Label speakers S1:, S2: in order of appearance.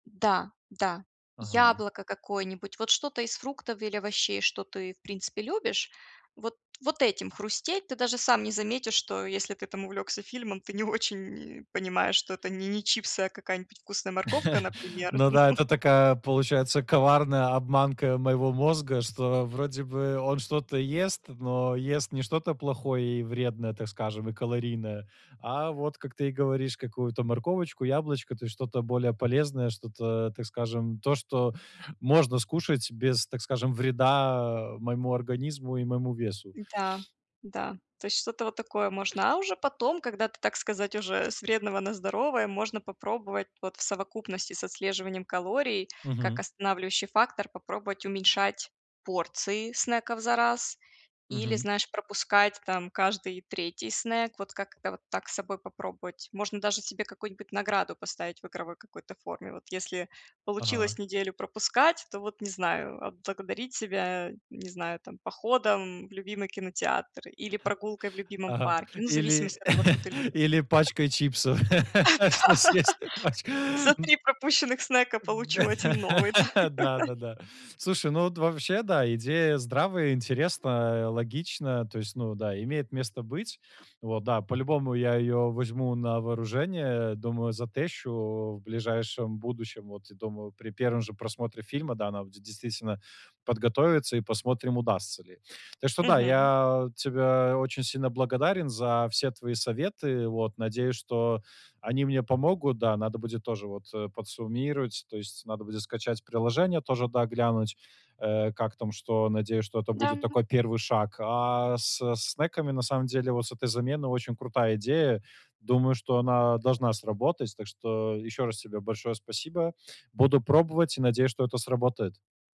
S1: Да, да,
S2: Ага.
S1: яблоко какое-нибудь, вот что-то из фруктов или овощей, что ты в принципе любишь. Вот вот этим хрустеть, ты даже сам не заметишь, что если ты там увлекся фильмом, ты не очень и понимаешь, что это не не чипсы, а какая-нибудь вкусная морковка, например.
S2: Ну да, это такая, получается, коварная обманка моего мозга, что вроде бы он что-то ест, но ест не что-то плохое и вредное, так скажем, и калорийное. А вот, как ты и говоришь, какую-то морковочку, яблочко, то есть что-то более полезное, что-то, так скажем, то, что можно скушать без, так скажем, вреда моему организму и моему весу.
S1: Да, да. То есть что то вот такое можно, а уже потом, когда ты, так сказать, уже с вредного на здоровое, можно попробовать вот в совокупности с отслеживанием калорий, как
S2: Мгм.
S1: останавливающий фактор, попробовать уменьшать порции снеков за раз. Или,
S2: Мгм.
S1: знаешь, пропускать там каждый 3 снек. Вот как-то вот так с собой попробовать. Можно даже себе какую-нибудь награду поставить, в игровой какой-то форме. Вот если получилось
S2: Ага.
S1: неделю пропускать, то вот, не знаю, отблагодарить себя, не знаю там, походом в любимый кинотеатр или прогулкой в любимом
S2: Ага,
S1: парке, ну, в
S2: или
S1: зависимости от того, что ты любишь.
S2: или пачкой чипсов, что съест пач
S1: Да. За 3 пропущенных снека получу
S2: Д
S1: 1 новый, да.
S2: Да-да-да. Слушай, ну, вот вообще, да, идея здравая, интересная, логичная, то есть, ну, да, имеет место быть. Вот да, по-любому я её возьму на вооружение, думаю, затещу в ближайшем будущем. Вот, думаю, при 1 же просмотре фильма, да, надо будет действительно, подготовиться, и посмотрим, удастся ли. Так что да,
S1: Мгм.
S2: я тебя очень сильно благодарен, за все твои советы. Вот, надеюсь, что они мне помогут. Да, надо будет тоже вот, э, подсуммировать, то есть надо будет скачать приложение тоже, да, глянуть, э, как там что. Надеюсь, что это
S1: Да,
S2: будет
S1: м.
S2: такой 1 шаг. А со снеками, на самом деле, вот с этой замены очень крутая идея. Думаю, что она должна сработать. Так что ещё раз тебе большое спасибо. Буду пробовать, и надеюсь, что это сработает.